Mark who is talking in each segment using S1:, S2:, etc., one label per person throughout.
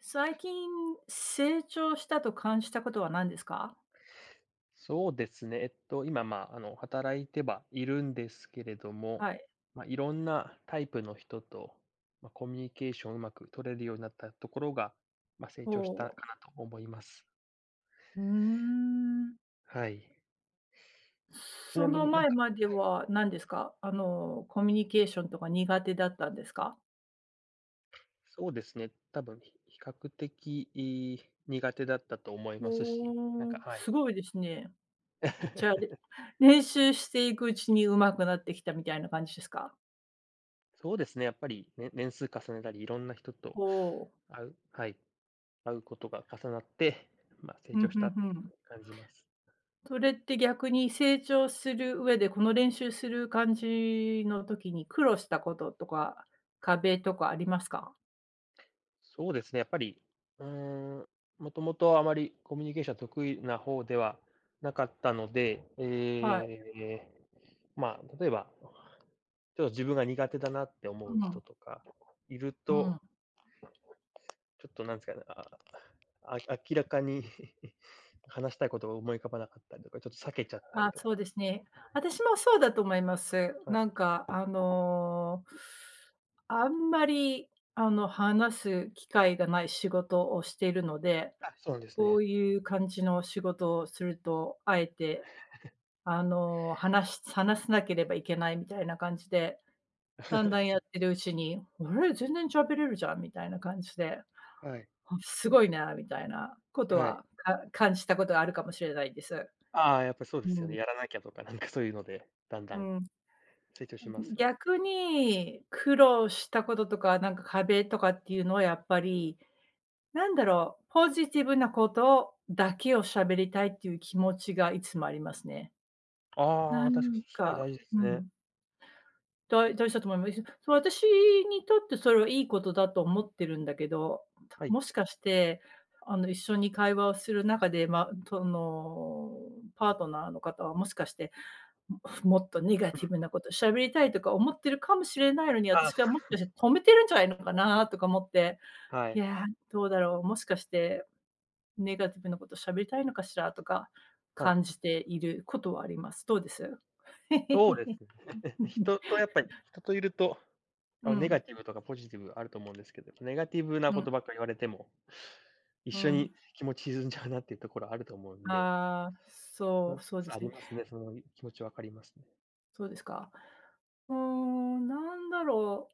S1: 最近、成長したと感じたことは何ですか？
S2: そうですね、えっと今、ま、あの、働いてはいるんですけれども、
S1: はい。
S2: ま、いろんなタイプの人と、ま、コミュニケーションをうまく取れるようになったところが、ま、成長した
S1: ほう。
S2: かなと思います。
S1: ふーん。
S2: はい。ち
S1: そ
S2: なみ
S1: の
S2: になん
S1: 前
S2: かは
S1: まで
S2: いはい。
S1: は、何ですか、あの、コミュニケーションとか苦手だったんですか？
S2: そうですね。多分、ひ比較的、い苦手だったと思いますし、なん
S1: ほ
S2: か
S1: お、
S2: はい。
S1: すごいですね。じゃあ、れ 練習していくうちに上手くなってきたみたいな感じですか？
S2: そうですね、やっぱりね、年数重ねたり、いろんな人と
S1: ほう。
S2: 会うはい、会うことが重なって、ま、成
S1: うん、
S2: 長し
S1: ふ
S2: た
S1: ん
S2: っ
S1: ふ
S2: ていうふう
S1: ん。
S2: に感じます。
S1: それって逆に成長する上で、この練習する感じの時に苦労したこととか、壁とかありますか？
S2: そうですね、やっぱり、うーん、もともとあまりコミュニケーションが得意なほうではなかったので、
S1: はい。
S2: ええ、ま、例えば、ちょっと自分が苦手だなって
S1: う
S2: 思う人
S1: ん。
S2: とかいる
S1: う
S2: と
S1: ん。
S2: ちょっとなんすかね、ああ、あ、明らかに 話したいことが思い浮かばなかったりとか、ちょっと避けちゃったり
S1: あ、
S2: と
S1: そ
S2: か。
S1: うですね。
S2: はい。
S1: あたしもそうだと思います。
S2: は
S1: な
S2: い。
S1: んかあのあんまり、あの、話す機会がない仕事をしているので、
S2: あ、そうなんです
S1: こ
S2: ね。
S1: ういう感じの仕事をすると、あえて、あの、話し話さなければいけないみたいな感じで、だんだ んやっ
S2: そ
S1: てるうちに、「あれ、全然喋れるじゃん」みたいな感じで、
S2: はい。
S1: ほすごいなみたいなこと
S2: はい。
S1: は、か感じたことはあるかもしれないんです。
S2: ああ、やっぱりそうです
S1: う
S2: よね。
S1: ん。
S2: やらなきゃとかなんかそういうのでだんだ
S1: う
S2: ん。
S1: ん。
S2: 成長
S1: あ、
S2: し
S1: う
S2: ます
S1: ん、
S2: よね。
S1: 逆に、苦労したこととか、なんか壁とかっていうのはやっぱり、なんだろう、ポジティブなことだけを喋りたいっていう気持ちがいつもありますね。
S2: あ
S1: なん
S2: あ、確かに、すごい
S1: か
S2: 大事です
S1: う
S2: ね。
S1: ん。だ大事だと思いまい [unintelligible] 私にとってそれはいいことだと思ってるんだけど、た
S2: はい。
S1: もしかして、あの、一緒に会話をする中で、ま、その、パートナーの方は、もしかして、ももっとネガ
S2: うん
S1: ティブ
S2: うん。
S1: なこと喋りたいとか思ってるかもしれないのに、
S2: あ。
S1: 私がもしかしたら止めてるんじゃない のかなとか思って。
S2: は
S1: い
S2: い。
S1: や、どうだろう、もしかして、ネガティブなこと喋りたいのかしらとか、
S2: はい。
S1: 感じていることはあります。どうです？
S2: そうです ね。人とやっぱ人といると、あ
S1: う
S2: のネガ
S1: ん。
S2: ティブとかポジティブあると思うんですけど、ネガティブなこ
S1: ん。
S2: とばっかり言われても、一
S1: う
S2: 緒に
S1: ん。
S2: 気持ち沈んじゃうなっていうところあると思うんで。
S1: ああ、そ
S2: う
S1: う、そうで
S2: そ、あ
S1: す
S2: り
S1: ね。
S2: ますね、その気持ち分かりますね。
S1: そうですか。うーん、なんだろ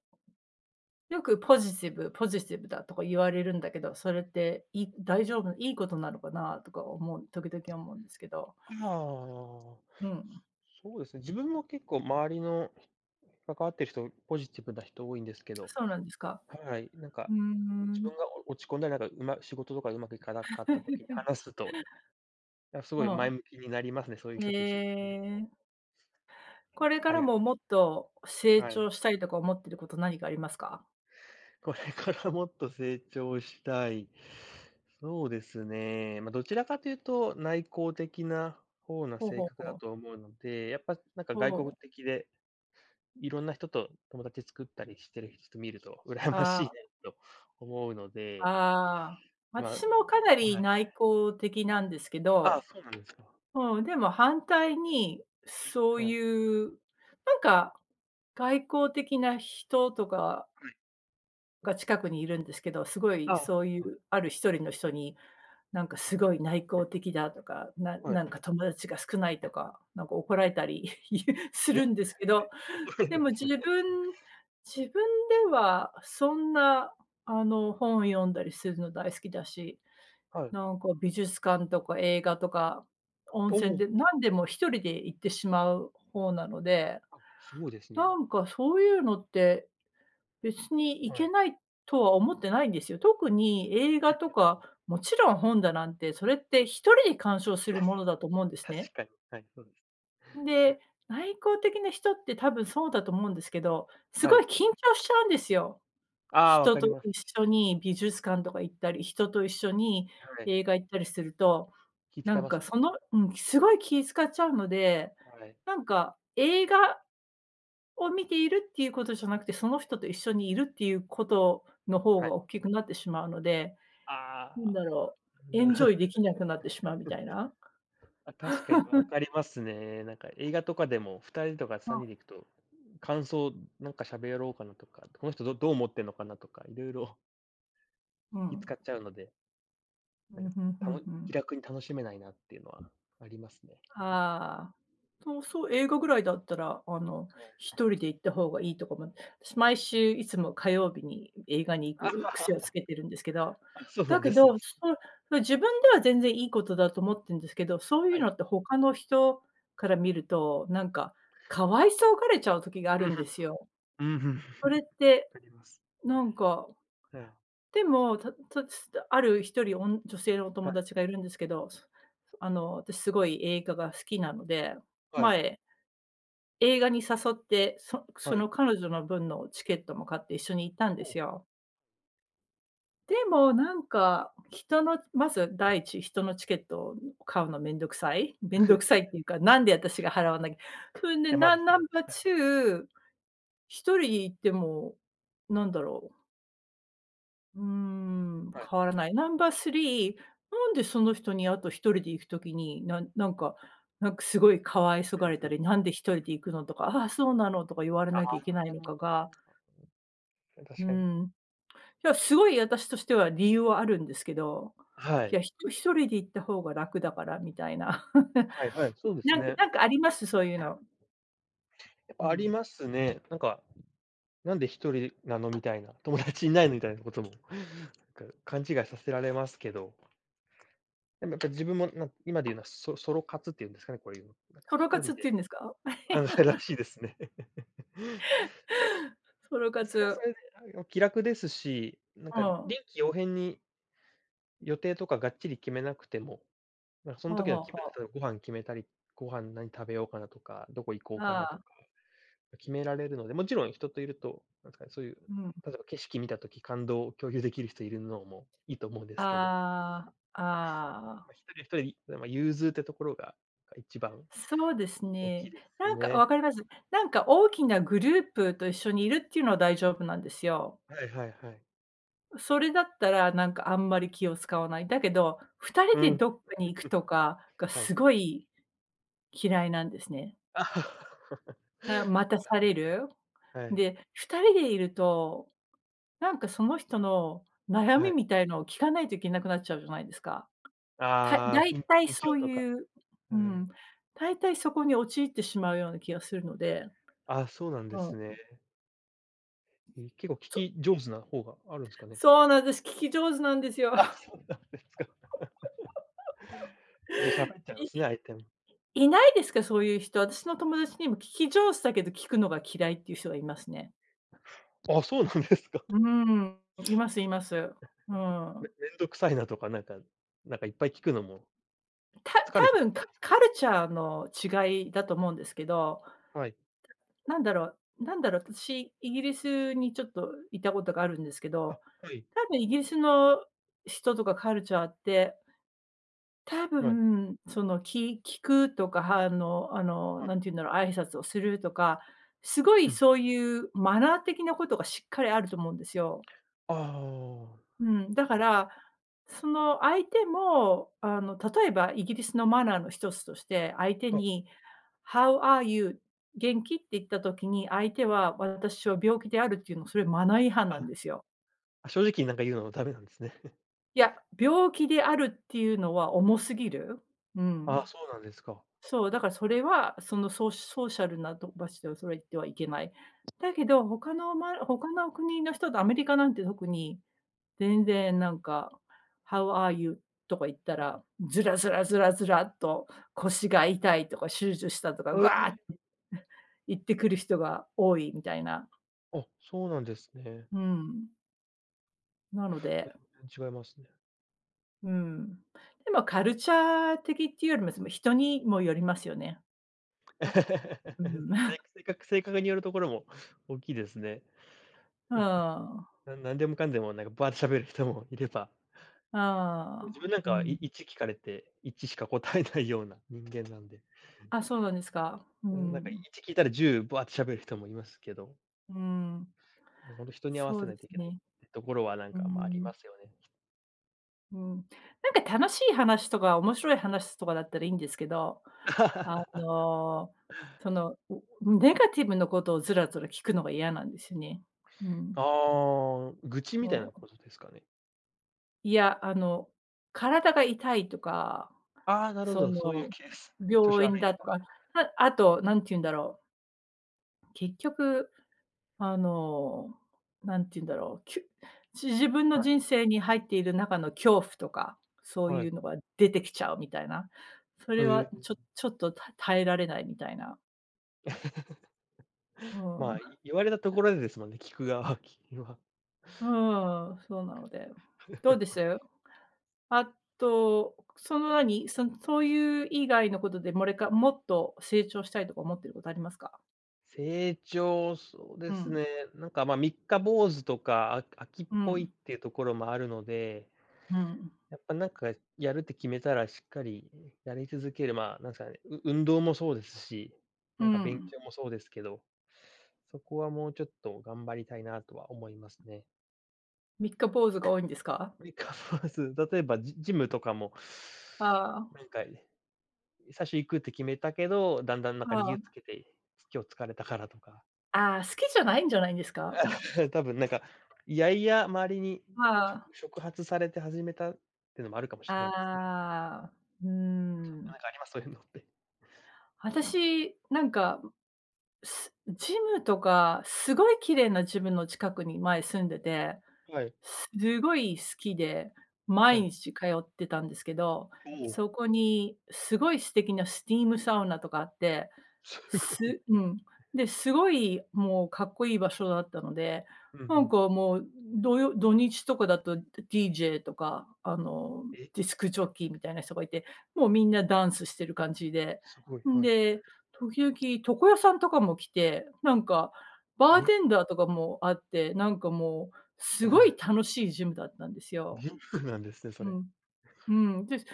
S1: う。よくポジティブポジティブだとか言われるんだけど、それっていい大丈夫いいことなのかなとか思う時々思うんですけど
S2: ああ。
S1: うん。
S2: そうですね。自分も結構周りの、関わってる人、ポジティブな人多いんですけど、
S1: そうなんですか。
S2: はい。なんか、
S1: うー
S2: 自
S1: ん。
S2: 分がお、落ち込んだり、なんか、仕事とか上手くいかなかった時に話すと、い やす
S1: う
S2: ごい前
S1: ん。
S2: 向きになりますね、そういう
S1: へ
S2: 人と一緒にいると。
S1: え。これか
S2: あ
S1: ら
S2: りが
S1: も、
S2: たいすね。
S1: もっと成
S2: はい。
S1: 長したいとか思ってること何かありますか？
S2: これからもっと成長したい。そうですね、ま、どちらかというと、内向的な方な
S1: ほう
S2: 性
S1: ほう
S2: 格
S1: ほ
S2: だ
S1: う。
S2: と思うので、やっぱなんか
S1: ほ
S2: 外向
S1: う。
S2: 的で、いろんな人と友達作ったりしてる人見ると羨ま
S1: は
S2: しい
S1: あ。
S2: ねと思うので
S1: ああ。
S2: まは
S1: 私もかな
S2: いは
S1: り
S2: い。
S1: 内向的なんですけ
S2: ああ、
S1: ど、
S2: そうなんですか。
S1: うん。でも反対に、そう
S2: はい。
S1: いう、なんか、外交的な人とか
S2: はい。
S1: が近くにいるんですけど、すご
S2: あ
S1: い
S2: あ、
S1: そうい
S2: あ。
S1: うある1人の人に、なんかすごい内向的だとか、な
S2: はい。
S1: なんか友達が少ないとか、なんか怒られたり いうす
S2: え、
S1: る んですけど、
S2: 怒られ
S1: で
S2: るん
S1: も
S2: です
S1: 自
S2: ね。
S1: 分自分ではそんな、あの、本を読んだりするの大好きだし、
S2: はい。
S1: なんか、美術館とか映画とか、温
S2: お
S1: 泉
S2: お。
S1: で、何でも1人で行ってしまう方なので、
S2: あ、そうですね。
S1: なんか、そういうのって、別にい
S2: はい。
S1: けないとは思ってないんですよ。特に映
S2: うん、
S1: 画
S2: や
S1: と
S2: っぱり。
S1: か、もちろん本だなんて、それって1人で鑑賞するものだと思う んです
S2: 確
S1: ね。
S2: かに、はい、そうです。
S1: んで、内向的な人って多分そうだと思うんですけど、す
S2: は
S1: ごい緊
S2: い。
S1: 張しちゃうんですよ。
S2: ああ、わ
S1: 人
S2: か
S1: と
S2: ります。
S1: 一緒に美術館とか行ったり、人と一緒に
S2: はい。
S1: 映画行ったりすると、
S2: 気
S1: な
S2: 使い
S1: ん
S2: ま
S1: か、
S2: すね。
S1: そのうん、すごい気使っちゃうので、
S2: はい。
S1: なんか、映画を見ているっていうことじゃなくて、その人と一緒にいるっていうことの方
S2: はい。
S1: がおっきくなってしまうので、
S2: あ
S1: なん
S2: あ。
S1: だろう、エンジョイ できなくなってしまうみたいな。
S2: あ、確かに、ま、分 かりますね。なんか、映画とかでも2人とか
S1: そ
S2: さん
S1: う。
S2: にんで行くと、感想、ん、なんか喋ろうかなとか、この人どどう思ってんのかなとか、色々
S1: う
S2: 気
S1: ん。
S2: 使っちゃうので
S1: う
S2: なんか、
S1: ん、ふんふ
S2: た
S1: ん
S2: の
S1: ふ
S2: 気
S1: ん。
S2: 楽に楽しめないなっていうのはありますね。
S1: ああ。と、そう、映画ぐらいだったら、あの、
S2: はい。
S1: 1人で行った方がいいとかも。私毎週いつも火曜日に映画に行く癖をつ けてるんですけど、
S2: あ、そうな
S1: だ
S2: ん
S1: け
S2: です
S1: ど、
S2: ね。
S1: そう、自分では全然いいことだと思ってんですけど、そうい
S2: は
S1: う
S2: い。
S1: のって他の人から見ると、なんか、可哀そうがれちゃう時があ
S2: う
S1: る
S2: ん、ふん
S1: ん
S2: ふ
S1: で
S2: ん。
S1: すよ。
S2: うん、ふん。
S1: それっ て、
S2: わかります。
S1: なんか、
S2: ええ。
S1: でも、たん、たつだある1人おん女性のお
S2: は
S1: 友
S2: い。
S1: 達がいるんですけど、そあの、私すごい映画が好きなので、
S2: はい。
S1: 前映画に誘って、そそ
S2: はい。
S1: の彼女の分のチケットも買って一緒に行ったん
S2: ほ
S1: です
S2: う。
S1: よ。でも、なんか、人の、まず第一、人のチケットを買うの面倒くさい、面倒くさいっ ていうか、なんで私が払わないふんで、
S2: 手間
S1: な
S2: で
S1: ん
S2: す
S1: ナ
S2: ね。
S1: ン
S2: ち
S1: バート
S2: かに。
S1: ゥー1人行っても、なんだろう。うーん、
S2: はい。
S1: 変わらない。ナンバー3なんでその人にあと1人で行く時に、なんなんかなんか凄い可哀そ
S2: う
S1: が
S2: ん
S1: れ
S2: う
S1: た
S2: ん。
S1: り、「何で1人で行くの」とか、「ああ、そうなの」とか言われ
S2: ああ。
S1: なきゃいけないのかが
S2: うん、
S1: う
S2: 確かに。
S1: ん、いやすごい私としては理由はあるんですけど、
S2: は
S1: い
S2: い。
S1: や、ひと1人で行った方が楽だからみたいな。
S2: はいはい、そうで す
S1: なんなんか
S2: ね。
S1: なんかあります？そういうの。
S2: やっぱ
S1: う
S2: あり
S1: ん。
S2: ますね。なんか、「なんで1人なの」みたいな、「友達いないの」みたいなことも、なんか勘違いさせられますけど。なんかやっぱり自分もなん、今で言うのはソソロ活っていうんですかね、こういうの。なんか
S1: ソ
S2: ひ
S1: ロ
S2: と
S1: 活
S2: り
S1: ってい
S2: で。
S1: うんですか？
S2: あ、らしいですね。
S1: ソロ
S2: それはそ
S1: 活。
S2: れで、あいお気楽ですし、なん
S1: う
S2: か
S1: ん。
S2: 臨機応変に予定とかがっちり決めなくても、ま、そん
S1: はあ
S2: 時
S1: は
S2: の
S1: あ
S2: 気分で
S1: はあ。
S2: そう、ご飯決めたり、ご飯何食べようかなとか、どこ行こうか
S1: あ
S2: なと
S1: あ。
S2: か、決められるので、もちろん人といると、なんすかね、そういう
S1: うん。
S2: 例えば景色見たとき、感動を共有できる人いるのもいいと思うんですけど。
S1: ああ
S2: やっ
S1: ああ。
S2: ぱ1人は1人で、いでも融通ってところが、か、一番
S1: そうです
S2: 大きい
S1: ね。
S2: です
S1: なんか、わ
S2: ね。
S1: かります。なんか大きなグループと一緒にいるっていうのは大丈夫なんですよ。
S2: はいはいはい。
S1: それだったら、なんかあんまり気を遣わない。だけど、2人
S2: う
S1: で
S2: ん。
S1: どっかに行く とかが
S2: はい。
S1: すごい嫌いなんですね。
S2: はいはいは
S1: な、待たされる。
S2: い。はい。
S1: で、2人でいると、なんかその人の悩
S2: は
S1: み
S2: い。
S1: みたいのを聞かないといけなくなっちゃうじゃないですか。たい
S2: ああ、
S1: 大
S2: 近
S1: 体そ
S2: 況
S1: う
S2: とか、
S1: いうう
S2: は
S1: ん、
S2: い。
S1: 大体そこに陥ってしまうような気がするので。
S2: あ、そうなん
S1: う
S2: で
S1: ん。う。
S2: すね。い、結構聞
S1: そ
S2: き上手な方があるんですかね。
S1: そうなんです、聞き上手なんですよ。
S2: あ、そうなんですか。でしゃか えちゃうんですね、相手も。
S1: いいないですか、そういう人、私の友達にも聞き上手だけど、聞くのが嫌いっていう人がいますね。
S2: あ、そうなんですか。
S1: うん、いますいます。う
S2: め
S1: ん。
S2: 面倒くさいなとかなんかなんかいっぱい聞くのも。
S1: た
S2: 疲れ
S1: た
S2: ちゃうっ
S1: ぶ
S2: て
S1: ん、
S2: こ
S1: カ
S2: とですか
S1: カ
S2: ね？
S1: ルチャーの違いだと思うんですけど。
S2: はい。
S1: た、なんだろうなんだろう、私、イギリスにちょっといたことがあるんですけ
S2: あ、
S1: ど、
S2: はい。
S1: 多分イギリスの人とかカルチャーって多
S2: はい。
S1: 分、その、き聞くとか反応あの、
S2: はい。
S1: 何て言うんだろう、挨拶をするとか、すご
S2: う
S1: い
S2: ん。
S1: そういうマナー的なことがしっかりあると思うんですよ。
S2: ああ、
S1: うん、だ
S2: そ
S1: か
S2: うなんです。
S1: ら、その相手も、あの、例えばイギリスのマナーの一つとして、相手
S2: はい。
S1: に、How are you？元気？って言った時に、相手は私は病気であるって言うのは、それはマナー違反なん
S2: あ、
S1: ですよ。
S2: あ正直なんか言うのもダメなんですね。
S1: いや、病気であるっていうのは重すぎる。う
S2: あ、
S1: ん。
S2: そうなんですか。
S1: そう、だからそれは、そのソーソーシャルな場所でそれは言ってはいけない。だけど、他のま、他の国の人とアメリカなんて特に、全然なんか、How are you？とか言った
S2: はい。
S1: ら、ずらずらずらずらっと、腰が痛いとか、手術したとか、
S2: へ
S1: ぐあっ
S2: え。
S1: て、ん、言ってくる人が多いみたいな
S2: あ、そうなんですね。
S1: うん。なの
S2: 全
S1: で
S2: 然違いますね。
S1: うん。でもカルチャー的っていうよりも、それも人にもよりますよね。うん。
S2: そ れ、せく性格性格によるところも大きいですね。
S1: うん。
S2: ななんでもかんでも、なんかバーって喋る人もいればもう
S1: あ
S2: 自
S1: あ、
S2: 分なん
S1: う
S2: かは、い
S1: ん。
S2: 1聞かれて、1しか答えないような人間なんで。
S1: あ、そうなんですか。う
S2: うん、なんか、い
S1: ん。
S2: ち聞いたら10バーって喋る人もいますけど
S1: うん。
S2: ね、ほんと人に合わ
S1: そう
S2: せな
S1: で
S2: い
S1: す
S2: といけないっ
S1: ね。
S2: てところはなん
S1: う
S2: か、ま、ありま
S1: ん。
S2: すよね。
S1: うん。なんか楽しい話とか、面白い話とかだったらいいんですけど、あ の、その、う、ネガティブなことをずらずら聞くのが嫌なんですね。うん。
S2: ああ、愚痴み
S1: あ
S2: たいな
S1: ん。
S2: ことですかね？
S1: いやあの、体が痛いとか、
S2: ああ、なるほ
S1: そ
S2: ど、そういう
S1: の
S2: ケース。調子
S1: 病院
S2: 悪いと
S1: だと
S2: か。
S1: か、ああと何て言うんだろう結局、あの、何て言うんだろう、きゅじ自分
S2: は
S1: の
S2: い。
S1: 人生に入っている中の恐怖とか、そう
S2: は
S1: い
S2: い。
S1: うのが出てきちゃうみたいな。そ
S2: へ
S1: れは
S2: え。
S1: ちょちょっと、た耐えられないみたいなう ん。
S2: ま、い言われたところでですもんね、聞く側ききゅわ。
S1: うーん、そうなので。どうです？あと、その何、そそういう以外のことで、もれかもっと成長したいとか思ってることありますか？
S2: 成長、そうで
S1: う
S2: す
S1: ん。
S2: ね、なんか、ま、三日坊主とか、あ飽きっ
S1: う
S2: ぽいっ
S1: ん。
S2: ていうところもあるので。
S1: うん。
S2: やっぱなんかやるって決めたらしっかりやり続ける、まあ、なんすかね、う運動もそうですし、
S1: う
S2: なんか勉
S1: ん。
S2: 強もそうですけど、そこはもうちょっと頑張りたいなとは思いますね。
S1: 三日坊主が多いんですか？
S2: 三日坊主、例えばジジムとかも、
S1: あ
S2: なん
S1: あ。
S2: か、い最初行くって決めたけど、だんだんなんか
S1: は
S2: 理由つ
S1: あ。
S2: けて、今日疲れたからとか。
S1: ああ、好きじゃないんじゃないんですか？
S2: 多分なんか、嫌々周りに
S1: はあ。
S2: 触触発されて始めたってのもあるかもしれないですね。
S1: ああ、うー
S2: な
S1: ん。
S2: んかあります？そういうのって。
S1: 私、なんか、すジムとか、凄い綺麗なジムの近くに前住んでて
S2: はい。
S1: 凄い好きで、
S2: は
S1: 毎
S2: い。
S1: 日通ってたんですけど、
S2: おお。
S1: そこに凄い素敵なスティームサウナとかあって、
S2: すごいっ
S1: す
S2: す
S1: う
S2: ね。
S1: ん、で、すごいもうかっこいい場所だったので、
S2: うん
S1: な
S2: う
S1: ん
S2: ん。
S1: かもうどよ土日とかだと、DJ とかあの、
S2: え。
S1: ディスクジョッキーみたいな人がいて、もうみんなダンスしてる感じで、
S2: すごい、
S1: ん
S2: はい。
S1: で、時々床屋さんとかも来て、なんかバー
S2: え。
S1: テンダーとかもあって、なんかもう
S2: う
S1: すごい
S2: ん。
S1: 楽しいジムだったんですよ。
S2: ジムなんですね、そ
S1: う
S2: れ。
S1: ん。うん、で、だ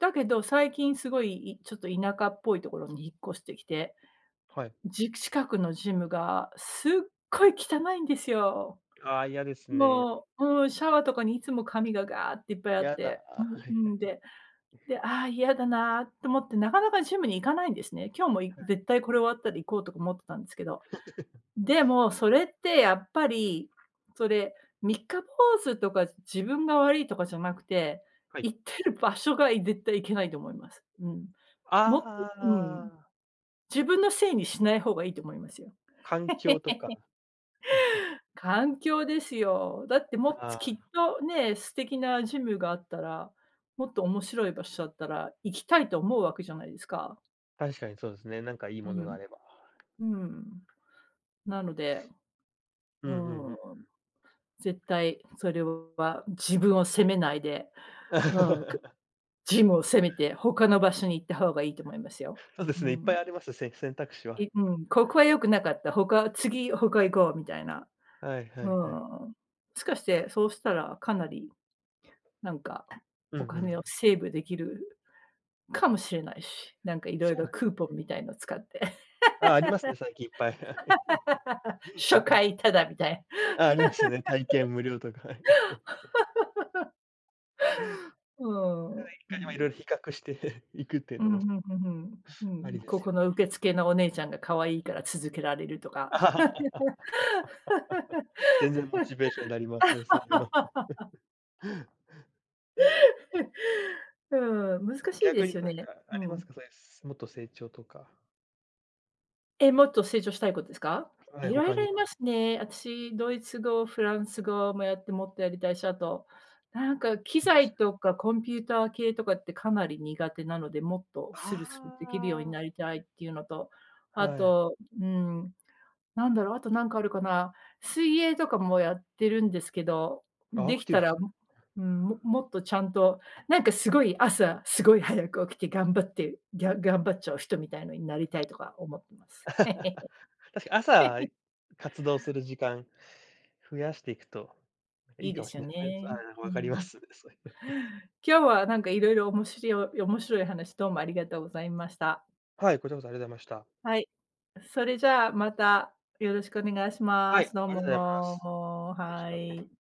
S1: だけど、最近すごい、いちょっと田舎っぽいところに引っ越してきて、
S2: はい。
S1: じく近くのジムがすっごい汚いんですよ。
S2: ああ、嫌ですね。
S1: もう、うん、シャワーとかにいつも紙がガーっていっぱいあっ
S2: や
S1: て
S2: だ。あ、
S1: で、
S2: は
S1: う
S2: い
S1: んうん、
S2: はい。
S1: で、で、ああ、嫌だなと思って、なかなかジムに行かないんですね。今日もい
S2: はい。
S1: 絶対これ終わったら行こうとか思ってたんですけど。でも、それってやっぱり、それ、三日坊主とか自分が悪いとかじゃなくて、
S2: はい。
S1: 行ってる場所がい絶対いけないと思います。うん。
S2: あ
S1: も
S2: ああ
S1: くう
S2: あ
S1: ん。
S2: ああ。
S1: 自分のせいにしない方がいいと思いますよ。
S2: 環境とか。
S1: 環境ですよ。だっても、
S2: あ
S1: つきっ
S2: あ。
S1: と、ねえ、素敵なジムがあったら、もっと面白い場所だったら、行きたいと思うわけじゃないですか。
S2: 確かにそうですね、なんかいい
S1: う
S2: ものが
S1: ん。
S2: あれば。
S1: うん、なので。
S2: うんう
S1: う
S2: んうんうん。
S1: ん。絶対それは自分を責めないで、うん、く、ジムを責めて他の場所に行った方がいいと思いますよ。
S2: そうです
S1: う
S2: ね、いっぱ
S1: ん。
S2: いあります、せ選択肢は。
S1: いうん、ここは良くなかった、他、次他行こうみたいな。
S2: はいは
S1: うん。
S2: いはい。
S1: もしかして、そうしたらかなり、なんか
S2: うん
S1: お
S2: うんう
S1: 金を
S2: ん。
S1: セーブできるかもしれないし、なんか色
S2: そう
S1: 々
S2: なんす
S1: クーポ
S2: ね。
S1: ンみたいのを使って。
S2: ああ、ありますね、最近いっぱい。はい。
S1: 初 回ただみたい。
S2: ああ、ありますね。体験無料とか、はい。
S1: う
S2: [unintelligible] 一
S1: ん、う
S2: 回ま、色
S1: ん。
S2: 々比較していくっていう
S1: う
S2: の
S1: ん
S2: も
S1: うんうんうん
S2: あ
S1: うん、
S2: りで
S1: こ
S2: す
S1: こ
S2: よ
S1: の
S2: ね。
S1: 受付のお姉ちゃんが可愛いから続けられるとか。
S2: 全然モチベーションになりますね、そういうの。
S1: うん、難しいで
S2: 逆に
S1: すよ
S2: なん
S1: ね、
S2: かあ
S1: う
S2: ります
S1: ん。
S2: か？そういうもっと成長とか。
S1: え、もっと成長したいことですか？
S2: はい、
S1: 色
S2: 他
S1: 々
S2: にも。
S1: いますね。私ドイツ語、フランス語もやって、もっとやりたいし、あと、なんか機
S2: すごいす
S1: 材
S2: ね。
S1: とかコンピューター系とかってかなり苦手なので、もっとス
S2: は
S1: ルスルできるように
S2: あ。
S1: なりたいっていうのと、あ
S2: はい。
S1: と、うん。何だろう、あと何かあるかな？水泳とかもやってるんですけど、
S2: あ、ア
S1: で
S2: ク
S1: き
S2: ティ
S1: た
S2: ブで
S1: ら、
S2: す
S1: う
S2: ね。
S1: うーん、ももっとちゃんとなんか凄い朝、すごい早く起きて、頑張って、ぎゃ頑張っちゃう人みたいのになりたいとか思ってま す。
S2: 確か朝 活動する時間増やしていくと
S1: い
S2: いい
S1: い
S2: か
S1: で
S2: も
S1: す
S2: し
S1: よ
S2: れないです
S1: ね。
S2: ね。ああ、
S1: う
S2: わかりま
S1: ん。
S2: す、そういうの。
S1: 今日はなんかいろいろおもしりょ、面白い話、どうもありがとうございました。
S2: はい、こちらこそありがとうございました。
S1: はい。それじゃあ、また、よろしくお願いし
S2: は
S1: ま
S2: い、
S1: す。どう
S2: ありがとうございます。
S1: も、
S2: 失礼し
S1: は
S2: ます。
S1: い。